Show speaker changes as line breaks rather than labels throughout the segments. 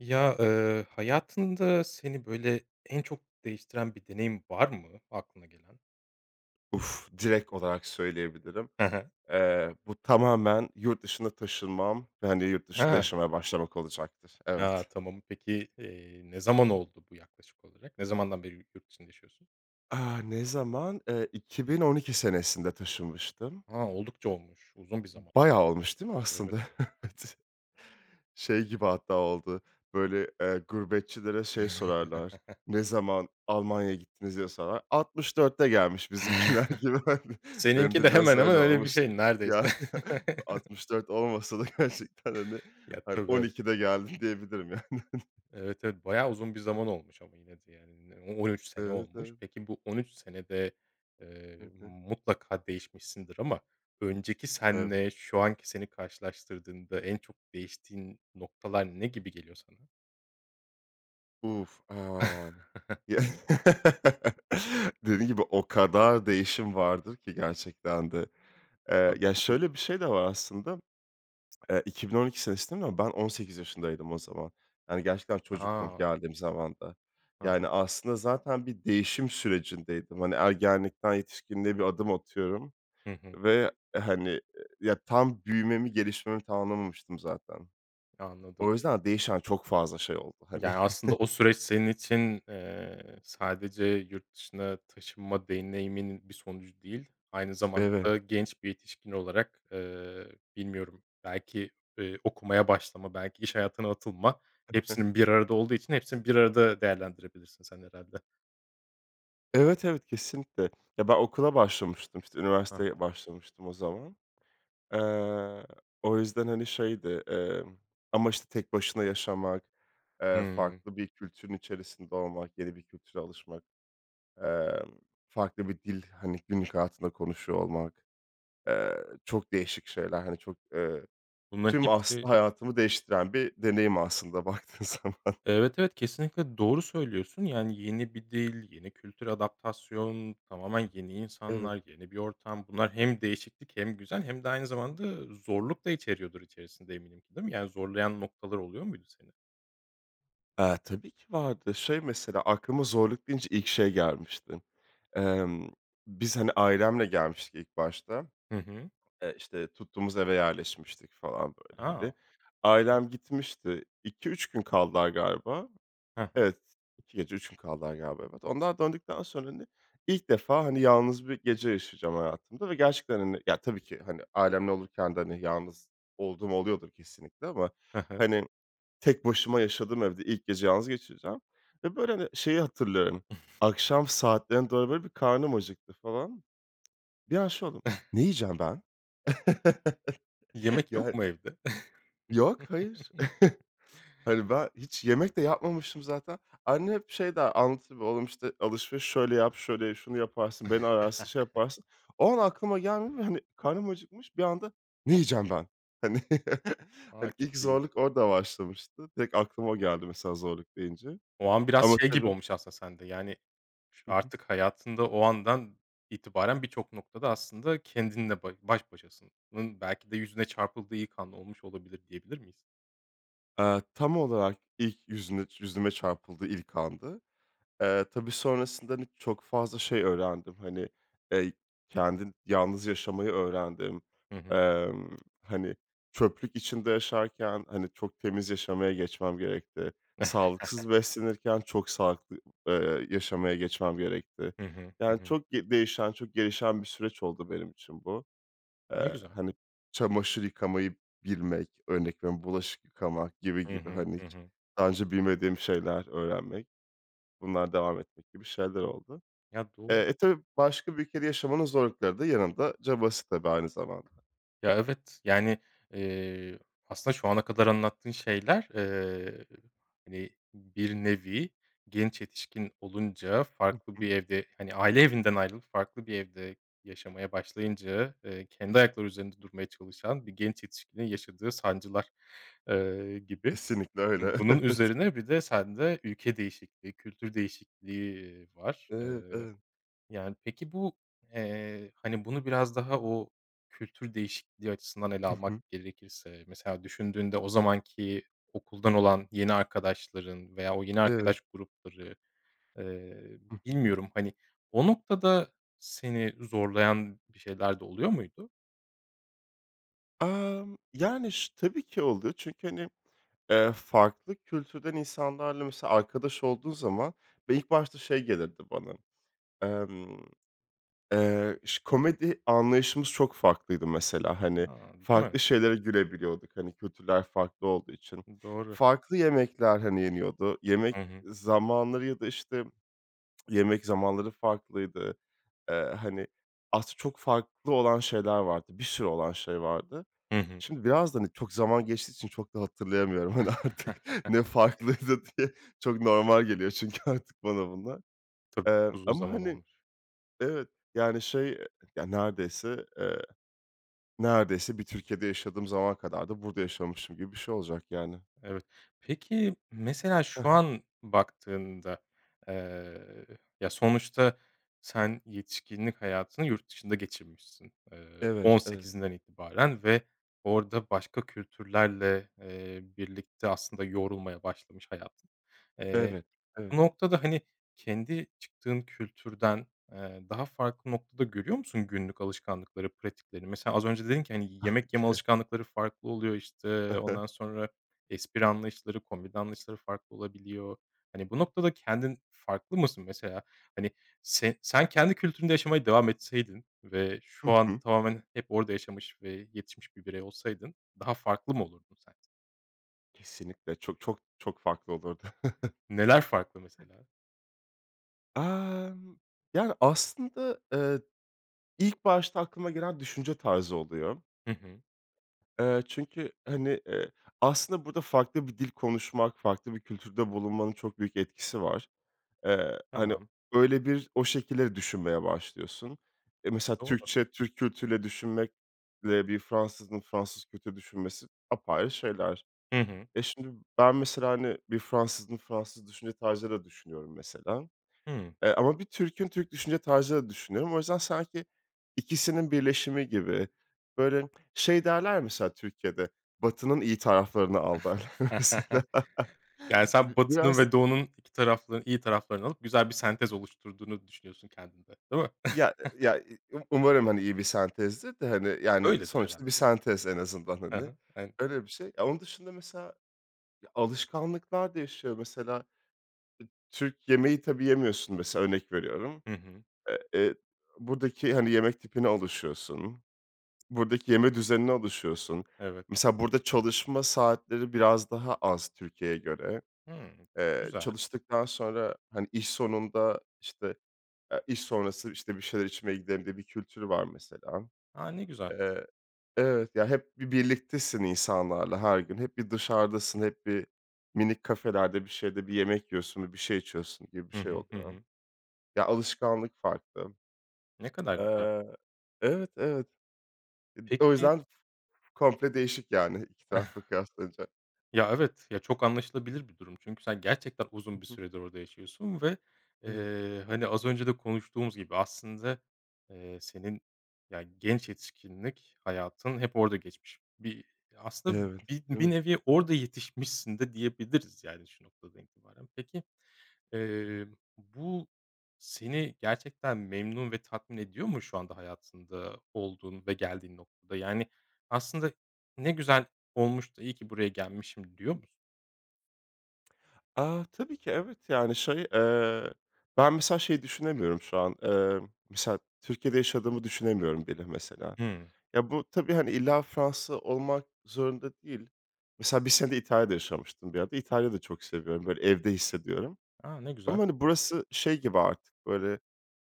Ya, eee, hayatında seni, böyle, en çok değiştiren bir deneyim var mı aklına gelen?
Uf, direkt olarak söyleyebilirim.
Hı hı.
Eee, bu tamamen yurt dışına taşınmam ve, hani, yurt dışında
Ha.
yaşamaya başlamak olacaktır.
Ya,
Evet.
tamam. Peki, eee, ne zaman oldu bu yaklaşık olarak? Ne zamandan beri yurt dışında yaşıyorsun?
Ah, ne zaman? Eee, 2012 senesinde taşınmıştım.
A, oldukça olmuş. Uzun bir zaman.
Bayağı olmuş değil mi
Evet.
aslında? Evet. Şey gibi hatta oldu, böyle, eee, gurbetçilere şey sorarlar, ne zaman Almanya'ya gittiniz diye sorar. 64'te gelmiş bizimkiler gibi, hani, benim
Seninki de
de biraz
hemen hemen
öyle
öyle bir
olmuş.
şey neredeyse.
Ya, 64 olmasa da gerçekten, hani,
Ya,
hayır
tabii,
on
evet.
ikide geldim diyebilirim yani.
Evet, evet bayağı uzun bir zaman olmuş ama yine de yani. Ne o on üç sene
Evet,
olmuş.
evet.
Peki bu 13 senede,
Hı
eee,
hı.
mutlaka değişmişsindir ama önceki
Evet.
seninle şu anki seni karşılaştırdığında en çok değiştiğin noktalar ne gibi geliyor sana?
Uf, an ye Dediğin gibi o kadar değişim vardır ki gerçekten de. Eee,
Tabii
ya
çok uzun.
şöyle bir şey de var aslında. Eee, 2012 senesinde no ben 18 yaşındaydım o zaman. Yani gerçekten çocuktum
Aha.
geldiğim zamanda.
Hı
Yani,
hı.
aslında zaten bir değişim sürecindeydim. Hani, ergenlikten yetişkinliğe bir adım atıyorum
Hı hı.
ve, hani, ya, tam büyümemi, gelişmemi tamamlamamıştım zaten.
Ya anladım.
O yüzden değişen çok fazla şey oldu, hani.
Yani aslında o süreç senin için, eee, sadece yurt dışına taşınma deneyimin bir sonucu değil, aynı zamanda
Eve
da genç bir yetişkin olarak, eee, bilmiyorum belki, eee, okumaya başlama, belki iş hayatına atılma
Hı hı.
hepsinin bir arada olduğu için hepsini bir arada değerlendirebilirsin sen herhâlde.
Evet, evet, kesinlikle. Ya ben okula başlamıştım, işte,
Ha ha.
üniversiteye başlamıştım o zaman. Eee, o yüzden, hani, şeydi, emm, ama, işte, tek başına yaşamak, eee,
Hımm.
farklı bir kültürün içerisinde olmak, yeni bir kültüre alışmak, emm, farklı bir dil, hani, günlük hayatında konuşuyor olmak, eee, çok değişik şeyler. Hani, çok, eee,
Bunların
tüm,
hepsi
aslında, hayatımı değiştiren bir deneyim aslında baktığın zaman.
Evet, evet, kesinlikle doğru söylüyorsun, yani yeni bir dil, yeni kültür, adaptasyon, tamamen yeni
Evet.
insanlar, yeni bir ortam. Bunlar hem değişiklik, hem güzel hem de aynı zamanda zorluk da içeriyordur içerisinde, eminim ki, değil mi? Yani zorlayan noktalar oluyor muydu seni?
Eee, tabii ki vardı. Şey, mesela, aklıma zorluk deyince ilk şey gelmişti. Emm, biz, hani, ailemle gelmiştik ilk başta.
Hı hı.
Eee, işte, tuttuğumuz eve yerleşmiştik falan, böyle, hani.
A! Evet.
Ailem gitmişti. 2-3 gün kaldılar, galiba.
Hı hı.
Evet, 2 gece 3 gün kaldılar galiba, evet. Onlar döndükten sonra, hani, ilk defa, hani, yalnız bir gece yaşayacağım hayatımda ve gerçekten, hani, ya, tabii ki, hani, ailemle olurken de, hani, yalnız olduğum oluyordur kesinlikle ama,
Hı hı.
hani, tek başıma yaşadığım evde ilk gece yalnız geçireceğim ve, böyle, hani, şeyi hatırlıyorum, akşam saatlerine doğru, böyle, bir karnım acıktı falan. Bir an şey oldum, ne yiyeceğim ben?
Yemek yok
Yani
mu evde?
Yok, hayır. Hani, ben hiç yemek de yapmamıştım zaten. Annem hep şey der, anlatır, böyle, oğlum işte, alışveriş şöyle yap, şöyle ye, şunu yaparsın, beni ararsın, şey yaparsın. O an aklıma gelmiyor ve, hani, karnım acıkmış, bir anda, ne yiyeceğim ben? Hani,
A,
hani,
çok
ilk
ilginç.
zorluk orada başlamıştı. Direkt aklıma o geldi mesela, zorluk deyince.
O an biraz
Ama
şey gibi
tabii
olmuş aslında sende, yani, ş
Hı hı.
artık hayatında o andan itibaren birçok noktada aslında kendinle ba baş başasın ın belki de yüzüne çarpıldığı ilk an olmuş olabilir, diyebilir miyiz?
Aaa, tam olarak ilk yüzüne yüzüme çarpıldığı ilk andı. Eee, tabii sonrasında, hani, çok fazla şey öğrendim. Hani, eee, kendin yalnız yaşamayı öğrendim.
Hı hı.
Emm, hani, çöplük içinde yaşarken, hani, çok temiz yaşamaya geçmem gerekti. Sağlıksız beslenirken çok sağlıklı, eee, yaşamaya geçmem gerekti.
Hı hı, hı
Yani
hı.
çok ge değişen, çok gelişen bir süreç oldu benim için bu.
Ne
Eee,
güzel.
hani, çamaşır yıkamayı bilmek, örnek veriyorum, bulaşık yıkamak gibi
Hı
gibi,
hı,
hani,
hı
hiç
hı.
daha önce bilmediğim şeyler öğrenmek, bunlar devam etmek gibi şeyler oldu.
Ya, doğ
Eee, e, tabii başka bir ülkede yaşamanın zorlukları da yanında cabası tabii aynı zamanda.
Ya evet, yani, ııı, aslında şu ana kadar anlattığın şeyler, eee, hani, bir nevi genç yetişkin olunca
Hı
farklı
hı.
bir evde, hani, aile evinden ayrılıp farklı bir evde yaşamaya başlayınca, eee, kendi ayakları üzerinde durmaya çalışan bir genç yetişkinin yaşadığı sancılar, ııı, gibi.
Kesinlikle öyle,
Bunun
evet.
üzerine bir de sende ülke değişikliği, kültür değişikliği var.
Eee,
Eee,
ımm
yani pek,i bu, eee, hani, bunu biraz daha o kültür değişikliği açısından ele
Hı
almak
hı.
gerekirse, mesela düşündüğünde o zamanki okuldan olan yeni arkadaşların veya o yeni
Eve
arkadaş grupları, eee,
Hı hı.
bilmiyorum, hani, o noktada seni zorlayan bir şeyler de oluyor muydu?
Amm. Yani, şı tabii ki oluyor çünkü, hani, eee, farklı kültürden insanlarla mesela arkadaş olduğun zaman ve ilk başta şey gelirdi, bana. Emm, eee, şı komedi anlayışımız çok farklıydı mesela. Hani,
A, değil mi?
farklı şeylere gülebiliyorduk. Hani, kültürler farklı olduğu için.
Iıı, doğru.
Farklı yemekler, hani, yeniyordu. Yemek
Hı hı.
zamanları ya da işte yemek zamanları farklıydı. Eee, hani, az çok farklı olan şeyler vardı, bir sürü olan şey vardı.
Hı hı.
Şimdi biraz da hani çok zaman geçtiği için çok da hatırlayamıyorum, hani, artık ne farklıydı diye çok normal geliyor çünkü artık bana bunlar.
Tabii ki
Eee,
çok uzun
ama
zaman
hani
olmuş.
Evet, yani, şey, eee Ya, neredeyse, eee, neredeyse bir Türkiye'de yaşadığım zaman kadar da burada yaşamışım gibi bir şey olacak, yani.
Evet. Peki, mesela,
Hı
şu
hı.
an baktığında, eee, ya sonuçta sen yetişkinlik hayatını yurt dışında geçirmişsin, eee,
Evet,
on
evet.
sekizinden itibaren ve orada başka kültürlerle, eee, birlikte aslında yoğurulmaya başlamış, hayatın. Eee,
Evet,
bu
evet.
noktada, hani, kendi çıktığın kültürden, eee, daha farklı noktada görüyor musun günlük alışkanlıkları, pratikleri? Mesela, az önce dedin ki hani, yemek yeme
K
alışkanlıkları farklı oluyor,
Hı
işte,
hı.
ondan sonra espri anlayışları, komedi anlayışları farklı olabiliyor. Hani, bu noktada kendin farklı mısın? Mesela, hani, se sen kendi kültüründe yaşamaya devam etseydin ve şu
Hı
anda
hı.
tamamen hep orada yaşamış ve yetişmiş bir birey olsaydın daha farklı mı olurdun? [unintelligible]
Kesinlikle. Çok, çok, çok farklı olurdu.
Neler farklı, mesela?
Emm, yani, aslında, eee, ilk başta aklıma gelen düşünce tarzı oluyor.
Hı hı.
Eee, çünkü, hani, eee, aslında burada farklı bir dil konuşmak, farklı bir kültürde bulunmanın çok büyük etkisi var. Eee, hani,
Tamam.
öyle bir o şekilde de düşünmeye başlıyorsun. Eee, mesela
Doğru.
Türkçe, Türk kültürüyle düşünmek ile bir Fransız'ın Fransız kültürü düşünmesi apayrı şeyler.
Hı hı.
E, şimdi ben mesela, hani, bir Fransız'ın Fransız düşünce tarzıyla düşünüyorum mesela,
Hıı.
eee, ama bir Türk'ün Türk düşünce tarzıyla da düşünüyorum. O yüzden sanki ikisinin birleşimi gibi, böyle, şey derler, ya, mesela Türkiye'de, Batı'nın iyi taraflarını al derler, mesela.
Yani, sen
Bi
Batı'nın
biraz
ve Doğu'nun iki tarafla iyi taraflarını alıp güzel bir sentez oluşturduğunu düşünüyorsun kendinde, değil mi?
Ya ya Um umarım, hani, iyi bir sentezdir de, hani, yani
Öyledir
sonuçta bir
herhâlde. [unintelligible]
sentez en azından,
Hı
hani.
hı. En
Öyle bir şey. Onun dışında mesela, ya, alışkanlıklar değişiyor, mesela. E, Türk yemeği tabii yemiyorsun mesela, örnek veriyorum.
Hı hı.
Eee, eee, buradaki, hani, yemek tipine alışıyorsun. Buradaki yeme düzenine alışıyorsun.
Evet.
Mesela, burada çalışma saatleri biraz daha az Türkiye'ye göre.
Hıı.
Eee,
Güzel.
çalıştıktan sonra, hani, iş sonunda, işte, eee, iş sonrası, işte, bir şeyler içmeye gidelim, diye bir kültürü var, mesela.
A! Ne güzel.
Eee, evet, ya, hep bir birliktesin insanlarla her gün. Hep bir dışarıdasın, hep bir minik kafelerde, bir şeyde bir yemek yiyorsun, bi bir şey içiyorsun gibi bir
Hı
şey
hı, hı
oluyor,
hı.
ya, alışkanlık farklı.
Ne kadar güzel.
Eee, evet, evet. Id o
Peki
yüzden komple değişik, yani, iki tarafla kıyaslayınca.
Ya, evet, ya çok anlaşılabilir bir durum çünkü sen gerçekten
Hı
uzun bir
hı.
süredir orada yaşıyorsun ve,
Evet.
eee, hani, az önce de konuştuğumuz gibi aslında, eee, senin, ya, genç yetişkinlik hayatın hep orada geçmiş. Bir aslında,
Evet,
bir
değil
bir
mi?
nevi orada yetişmişsin de diyebiliriz, yani, şu noktadan itibaren. Peki, eee,
[unintelligible]
bu seni gerçekten memnun ve tatmin ediyor mu şu anda hayatında olduğun ve geldiğin noktada? Yani, aslında ne güzel olmuş da iyi ki buraya gelmişim diyor musun?
A, tabii ki, evet, yani, şey, eee, ben mesela şeyi düşünemiyorum şu an, emm, mesela Türkiye'de yaşadığımı düşünemiyorum bile mesela.
Hımm.
Ya, bu tabii, hani, illa Fransa olmak zorunda değil. Mesela 1 sene İtalya'da yaşamıştım bir ara da. İtalya da çok seviyorum, böyle, evde hissediyorum
A, ne güzel.
ama, hani, burası şey gibi artık, böyle,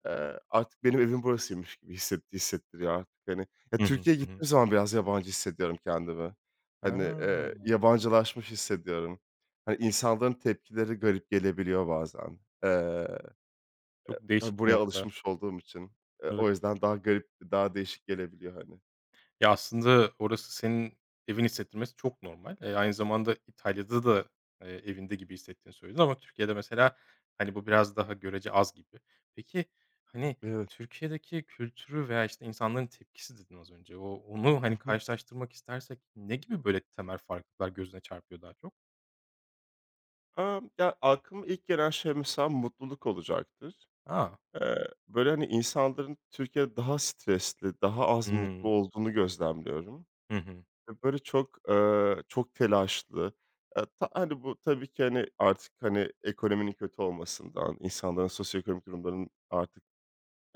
eee, artık benim evim burasıymış gibi hisset hissettiriyor artık, hani. Ya,
Hı hı,
Türkiye'ye
hı hı.
gittiğim zaman biraz yabancı hissediyorum kendimi. Hani, eee,
Ha.
yabancılaşmış hissediyorum. Hani, insanların tepkileri garip gelebiliyor bazen. Eee,
Çok
ha
değişik bir
buraya
nokta.
alışmış olduğum için, eee,
Evet.
o yüzden daha garip, daha değişik gelebiliyor, hani.
Ya, aslında orası senin evin hissettirmesi çok normal. Eee, aynı zamanda İtalya'da da, eee, evinde gibi hissetiğini söyledin. Ama Türkiye'de mesela, hani, bu biraz daha görece az gibi. Peki, hani,
Evet.
Türkiye'deki kültürü veya, işte, insanların tepkisi dedin az önce. O, onu
Hı
hani
hı.
karşılaştırmak istersek ne gibi böyle temel farklılıklar gözüne çarpıyor daha çok?
Amm, ya, aklıma ilk gelen şey mesela mutluluk olacaktır.
A!
Eee, böyle, hani, insanların Türkiye'de daha stresli, daha az mutlu
Hımm.
olduğunu gözlemliyorum.
Hı hı.
Ve, böyle, çok, ııı, çok telaşlı, eee, ta hani, bu tabii ki, hani, artık, hani, ekonominin kötü olmasından, insanların sosyoekonomik durumlarının artık,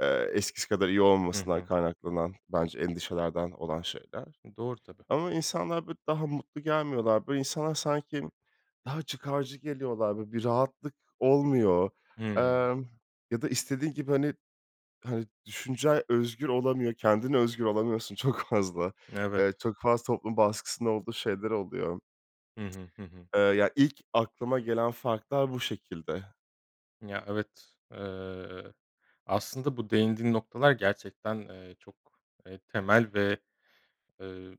eee, eskisi kadar iyi
Hı
olmamasından
hı.
kaynaklanan bence endişelerden olan şeyler.
Doğru tabii.
Ama insanlar, böyle, daha mutlu gelmiyorlar. Böyle, insanlar sanki daha çıkarcı geliyorlar. Böyle, bir rahatlık olmuyor.
Hımm.
Emm, ya da istediğin gibi, hani, hani, düşüncen özgür olamıyor, kendine özgün olamıyorsun çok fazla.
Evet.
Eee, çok fazla toplum baskısında olduğu şeyler oluyor.
Hı hı. Hı hı.
Eee, ya ilk aklıma gelen farklar bu şekilde.
Ya, evet. Eee, aslında bu değindiğin noktalar gerçekten, eee, çok, eee, temel ve, ııı,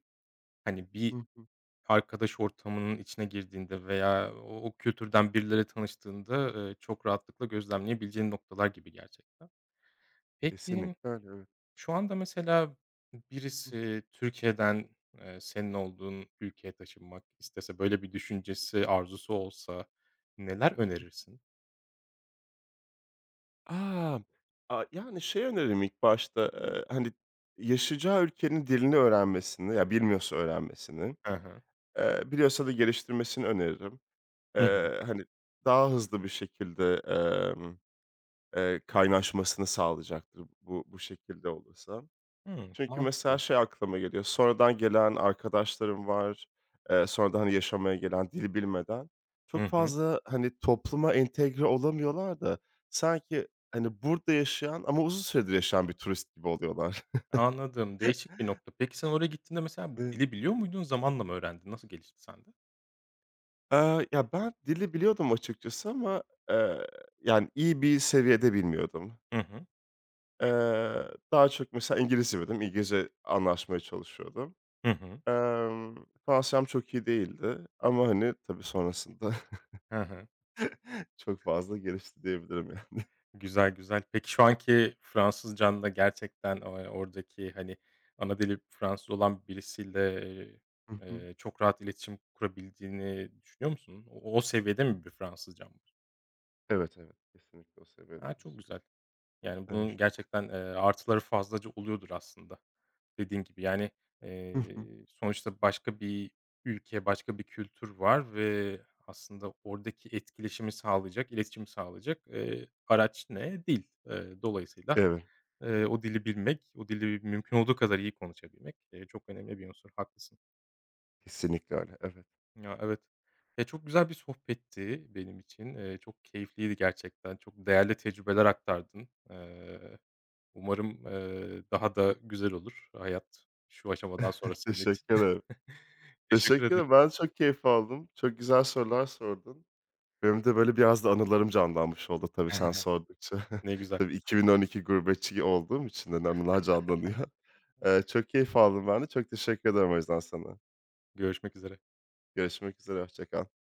hani,
Hı
bir
hı.
arkadaş ortamının içine girdiğinde veya o o kültürden birileriyle tanıştığında, eee, çok rahatlıkla gözlemleyebileceğin noktalar gibi gerçekten. Peki,
Kesinlikle öyle, evet.
şu anda mesela
Hı hı.
birisi Türkiye'den, eee, senin olduğun ülkeye taşınmak istese böyle bir düşüncesi, arzusu olsa neler önerirsin?
A, a yani, şey, öneririm ilk başta, eee, hani, yaşayacağı ülkenin dilini öğrenmesini ya, bilmiyorsa öğrenmesini,
Ha ha.
eee, biliyorsa da geliştirmesini öneririm.
Hı hı.
Eee, hani, daha hızlı bir şekilde, emm, eee, kaynaşmasını sağlayacaktır bu, bu şekilde olursa.
Hımm.
Çünkü mesela
Mantıklı.
şey aklıma geliyor. Sonradan gelen arkadaşlarım var, eee, sonradan, hani, yaşamaya gelen, dil bilmeden.
Hı
Çok
hı.
fazla, hani, topluma entegre olamıyorlar da sanki, hani, burada yaşayan ama uzun süredir yaşayan bir turist gibi oluyorlar.
Anladım, değişik bir nokta. Peki sen oraya gittiğinde mesela
I
dili biliyor muydun? Zamanla mı öğrendin? Nasıl gelişti sende?
Eee, ya, ben dili biliyordum açıkçası ama, eee, yani, iyi bir seviyede bilmiyordum.
Hı hı.
Eee, daha çok mesela İngilizce [unintelligible] İngilizce anlaşmaya çalışıyordum.
Hı hı.
Emm, Fransızcam çok iyi değildi ama, hani, tabii sonrasında
Hı hı.
çok fazla gelişti diyebilirim yani.
Güzel, güzel. Peki şu anki Fransızcan'da gerçekten, eee, oradaki, hani, ana dili Fransız olan birisiyle, eee,
Hı hı.
eee, çok rahat iletişim kurabildiğini düşünüyor musun? O o seviyede mi bir Fransızcan var?
Evet, evet, kesinlikle o
A,
seviyededir.
çok güzel. Yani bunun
[unintelligible]
gerçekten, eee, artıları fazlaca oluyordur aslında, dediğin gibi. Yani,
Hı hı.
eee, sonuçta başka bir ülke, başka bir kültür var ve aslında oradaki etkileşimi sağlayacak, iletişimi sağlayacak, eee, araç ne? Dil. Eee, dolayısıyla,
[unintelligible]
eee, o dili bilmek, o dili m mümkün olduğu kadar iyi konuşabilmek, eee, çok önemli bir unsur. Haklısın.
Kesinlikle öyle, evet.
Ya evet. Ya, çok güzel bir sohbetti benim için. Eee, çok keyifliydi gerçekten, çok değerli tecrübeler aktardın. Eee, umarım, eee, daha da güzel olur hayat şu aşamadan sonra senin için.
Teşekkür ederim.
Teşekkür
Teşekkür
ederim.
ederim, ben de çok keyif aldım. Çok güzel sorular sordun. Benim de, böyle, biraz da anılarım canlanmış oldu tabii sen sordukça.
Ne güzel.
Tabii 2012 gurbetçi olduğum için de anılar canlanıyor. Eee, çok keyif aldım ben de. Çok teşekkür ederim o yüzden sana.
Görüşmek üzere.
Görüşmek üzere, hoşça kal.